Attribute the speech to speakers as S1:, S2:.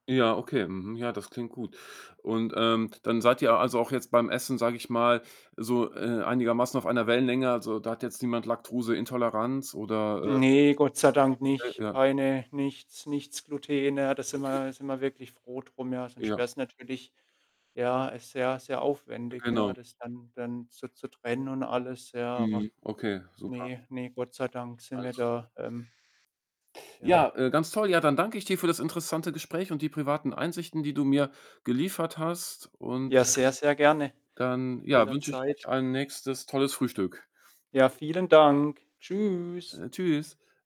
S1: Ja, okay. Mhm. Ja, das klingt gut. Und, ähm, dann seid ihr, also, auch jetzt beim Essen, sag ich mal, so, äh, einigermaßen auf einer Wellenlänge? Also, da hat jetzt niemand Laktoseintoleranz oder? Äh
S2: Ne, Gott sei Dank
S1: Äh,
S2: nicht.
S1: ja.
S2: Keine nichts nichts Gluten. Ja, da sind wir
S1: Okay.
S2: ja da sind wir wirklich froh drum, ja? Sonst
S1: Ja.
S2: wäre es natürlich ja, ist sehr, sehr
S1: Äh,
S2: aufwendig, ja,
S1: genau.
S2: das dann dann so zu trennen und alles, ja. Aber
S1: Mhm. Okay, super.
S2: ne, ne, Gott sei Dank sind wir
S1: Alles
S2: da, ähm Ja.
S1: Ja, äh, ganz toll. Ja, dann danke ich dir für das interessante Gespräch und die privaten Einsichten, die du mir geliefert hast. Und
S2: Ja, sehr, sehr gerne.
S1: dann, ja, wünsche ich
S2: Jederzeit.
S1: euch ein nächstes tolles Frühstück.
S2: Ja, vielen Dank. Tschüss.
S1: Äh, Tschüss.